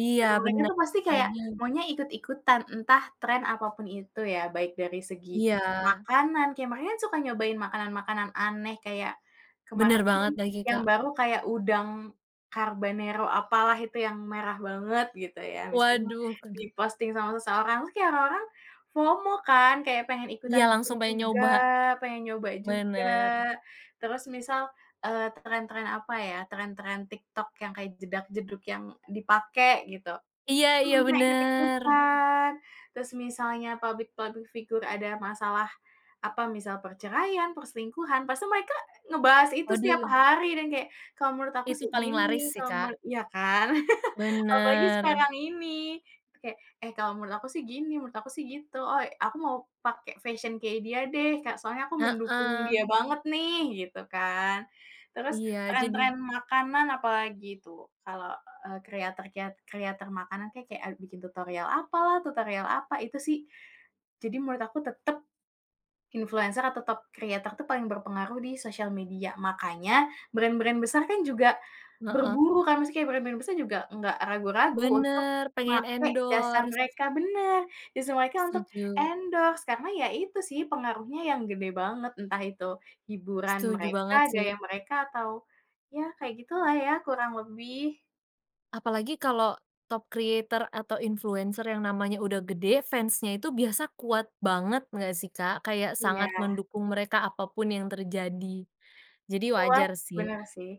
Iya Dan mulanya bener, tuh pasti kayak, apalagi maunya ikuti-ikutan, entah tren apapun itu ya baik dari segi Iya. makanan, kayak mereka kan suka nyobain makanan-makanan aneh kayak Bener kemarin sih banget lagi, yang Kak. baru kayak udang carbanero apalah itu yang merah banget gitu ya misalnya, Waduh keg di posting sama seseorang, terus kek orang orang FOMO kan kayak pengen ikutan Iya bikin langsung pengen juga, nyoba. pengen nyoba juga. Bener. Terus misal, eee, tren-tren, apa ya, tren-tren TikTok yang kayak jedag-jedug yang dipake, gitu. Iya Itu iya, mereka bener. ikut-ikutan, terus misalnya publik-publik figur ada masalah, apa misal, perceraian, perselingkuhan, pasti mereka ngebahas itu setiap Waduh. hari dan kayak kalau menurut aku Itu sih paling laris gini, sih, kalo me Kak. iya kan? Apalagi Bener. sekarang itu kek, "Eh kalau menurut aku sih gini, menurut aku sih gitu. Oi aku mau pake fashion kayak dia deh Kak, soalnya aku mendukung dia Heeh banget nih," gitu kan. Terus Iya, jadi tren-tren makanan apalagi tuh, kalau e kreator keat kreator makanan kek kek a bikin tutorial apalah, tutorial apa, itu sih. Jadi menurut aku tetep, influenser ya tetep kreator tuh paling berpengaruh di sosial media, makanya brand-brand besar kan juga Heeh. berburu kan maksudnya kayak brand-brand besar juga nggak ragu-ragu untuk Bener, pengen make jasa endorse. mereka benar, justru mereka untuk Setuju. endorse karena ya itu sih pengaruhnya yang gede banget, entah itu hiburan Setuju mereka, banget gaya sih mereka, atau ya kayak gitulah ya kurang lebih. Apalagi kalo, top creator atau influenser yang namanya udah gede, fans-nya itu biasa kuat banget nggak sih, Kak? Kayak Iya. sangat mendukung mereka apapun yang terjadi, jadi Kuat, wajar sih. bener sih.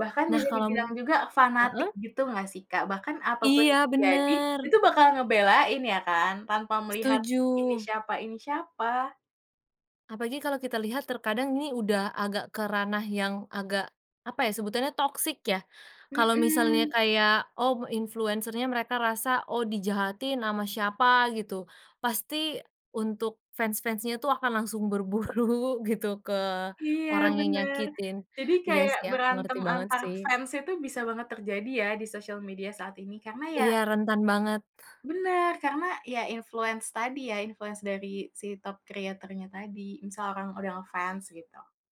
Bahkan Nah bisa kalo m dibilang juga fanatik heeh? gitu nggak sih, Kak? Bahkan apapun Iya, yang terjadi, bener. itu bakal ngebelain ya kan, tanpa melihat, ini Setuju. siapa ini siapa. Apalagi kalau kita lihat terkadang ini udah agak ke ranah yang agak, apa ya, sebutannya toksik ya? Kalau misalnya Mhm. kayak oh influenser nya mereka rasa oh dijahatin ama siapa gitu, pasti untuk fans-fans-nya tuh akan langsung berburu gitu ke Iya orang yang bener, nyakitin. jadi Iya kayak sih aku ngerti berantem banget antar sih. fans itu bisa banget terjadi ya di sosial media saat ini karena ya. Iya, rentan banget. Benar, karena ya influence tadi ya, influence dari si top kreatornya tadi misalkan udah nge-fans gitu.